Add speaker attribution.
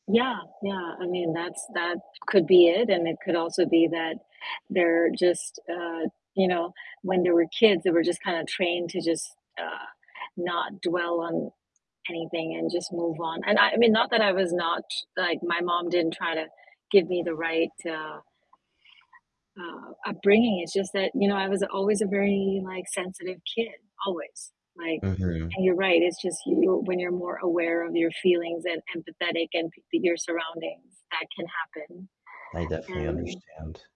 Speaker 1: Yeah, yeah, I mean, that's that could be it, and it could also be that they're just, uh you know, when they were kids, they were just kinda trained to just, uh, not dwell on anything and just move on, and I I mean, not that I was not like, my mom didn't try to give me the right, uh uh, upbringing, it's just that, you know, I was always a very, like, sensitive kid, always, like
Speaker 2: I hear you.
Speaker 1: and you're right, it's just you when you're more aware of your feelings and empathetic and p your surroundings, that can happen,
Speaker 2: I definitely
Speaker 1: and
Speaker 2: understand.